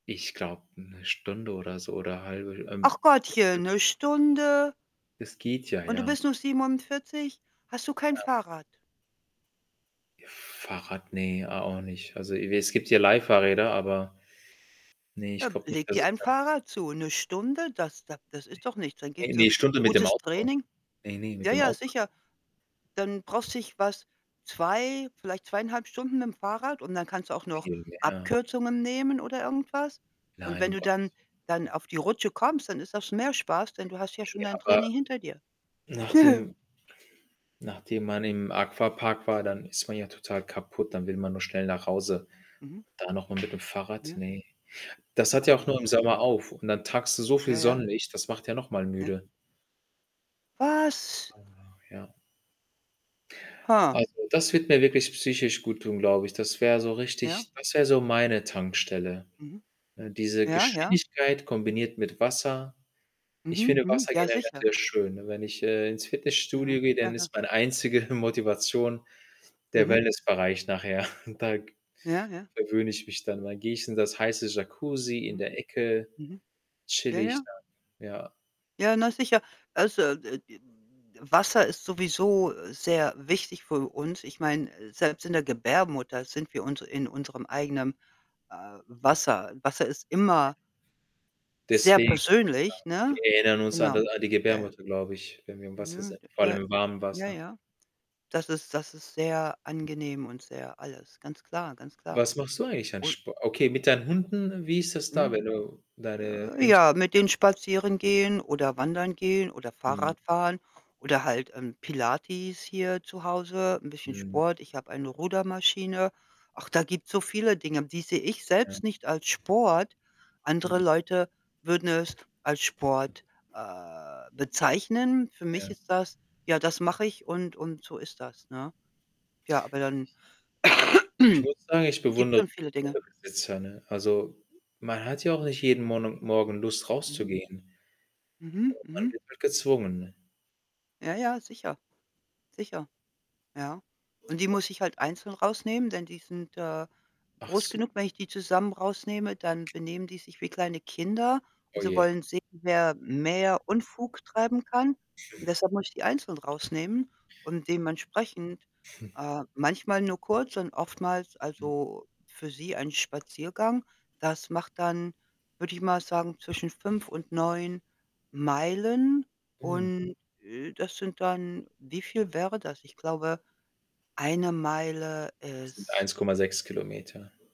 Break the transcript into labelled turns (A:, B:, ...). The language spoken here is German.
A: Ich glaube, ne Stunde oder so oder halbe. Ähm,
B: Ach
A: das
B: Gottchen,
A: stimmt.
B: ne Stunde?
A: Es geht ja,
B: Und du
A: ja.
B: bist nur 47? Hast du kein
A: Ja.
B: Fahrrad?
A: F Fahrrad, ne, a auch nicht. Also, e es gibt hier Leihfahrräder, aber ne,
B: Ja,
A: ich glaube nicht,
B: leg
A: dass
B: dir
A: es
B: ein
A: da
B: Fahrrad zu. 'Ne Stunde? Das da das
A: Ne.
B: ist doch nichts. Dann
A: Ne,
B: gehst du
A: ne, Stunde mit dem
B: Gutes
A: Auto.
B: Training
A: Ne, ne, mit
B: Ja,
A: dem.
B: ja,
A: [unintelligible]
B: sicher. Dann brauchst dich was 2, vielleicht 2,5 Stunden mitm Fahrrad und dann kannst du auch noch
A: Viel mehr.
B: Abkürzungen nehmen oder irgendwas. Und
A: Nein,
B: wenn
A: um
B: du dann
A: Gottes
B: dann
A: willen.
B: auf die Rutsche kommst, dann ist das mehr Spaß, denn du hast ja schon
A: Ne,
B: dein
A: aber
B: Training hinter dir.
A: nachdem nachdem man im Aquapark war, dann ist man ja total kaputt, dann will man nur schnell nach Hause.
B: Mhm.
A: Da noch mal mit dem Fahrrad,
B: Ja.
A: ne. Das hat ja auch nur im
B: Ah.
A: Sommer auf und dann tankst du so viel
B: Ja, ja.
A: Sonnenlicht, das macht ja noch mal
B: Ja.
A: müde.
B: Was?
A: Aber ja. Also, das wird mir wirklich psychisch guttun, glaube ich. Das wäre so
B: Ja?
A: richtig das wäre so meine Tankstelle,
B: Mhm.
A: ne, diese
B: Ja, ja.
A: Geschwindigkeit kombiniert mit Wasser. Ich
B: Mhm.
A: finde
B: Mhm.
A: Wasser
B: Ja,
A: generell
B: sicher.
A: sehr schön, ne? Wenn ich, äh, ins
B: Ja.
A: Fitnessstudio gehe, dann
B: Aha.
A: ist meine einzige Motivation der
B: Mhm.
A: Wellnessbereich nachher. Da
B: Ja, ja.
A: verwöhne ich mich dann. Dann gehe ich in das heiße Jacuzzi in
B: Mhm.
A: der Ecke,
B: Mhm. Ja,
A: chille ich
B: ja.
A: dann, ja.
B: Ja, na sicher. Also, äh äh, W Wasser ist sowieso sehr wichtig für uns. Ich meine, äh, selbst in der Gebärmutter sind wir uns in unserem eigenem, äh, Wasser. Wasser ist immer sehr
A: Deswegen.
B: persönlich,
A: [unintelligible] Wir
B: ne?
A: erinnern uns an d
B: Genau.
A: an die
B: Ja, ja.
A: Gebärmutter, glaube ich, wenn wir im Wasser
B: Nö.
A: sind,
B: D
A: vor
B: Ja.
A: allem im warmen
B: Ja,
A: Wasser.
B: ja. Das ist das ist sehr angenehm und sehr alles, ganz klar, ganz klar.
A: Was machst du eigentlich an
B: Un
A: Sp okay, mit deinen Hunden, wie ist das da,
B: Mhm.
A: wenn du deine
B: J
A: Hündch
B: Ja, mit den spazieren gehen oder wandern gehen oder
A: Mhm.
B: Fahrrad fahren oder halt, ähm, Pilates hier zu Hause, 'n bisschen
A: Mhm.
B: Sport. Ich habe eine Rudermaschine. Ach, da gibt's so viele Dinge, die sehe ich
A: Ja.
B: selbst nicht als Sport. Andere
A: Mhm.
B: Leute würden es als Sport, äh, bezeichnen. Für mich
A: Ja.
B: ist das: „Ja, das mache ich und und so ist das“, ne? Ja, aber dann
A: [unintelligible] Ich muss sagen, ich
B: gibt
A: bewundere
B: schon viele Dinge.
A: Hundebesitzer, ne? Also, man hat ja auch nicht jeden Mona Morgen Lust
B: Mhm.
A: rauszugehen.
B: Mhm,
A: [unintelligible] Man
B: mhm.
A: wird halt gezwungen.
B: Ja, ja, sicher. Sicher. Ja. Und die muss ich halt einzeln rausnehmen, denn die sind, äh,
A: Ach
B: groß
A: so.
B: genug. Wenn ich die zusammen rausnehme, dann benehmen die sich wie kleine Kinder und sie
A: Ohje.
B: wollen sehen, wer mehr Unfug treiben kann. Deshalb muss ich die einzelnd rausnehmen und dementsprechend, äh, manchmal nur kurz und oftmals
A: Hm.
B: also, für sie ein Spaziergang. Das macht dann, würde ich mal sagen, zwischen 5 und 9 Meilen.
A: Mm.
B: Und, äh, das sind dann wie viel wäre das? Ich glaube, 1 Meile
A: Sind
B: ist
A: 1,6 Kilometer.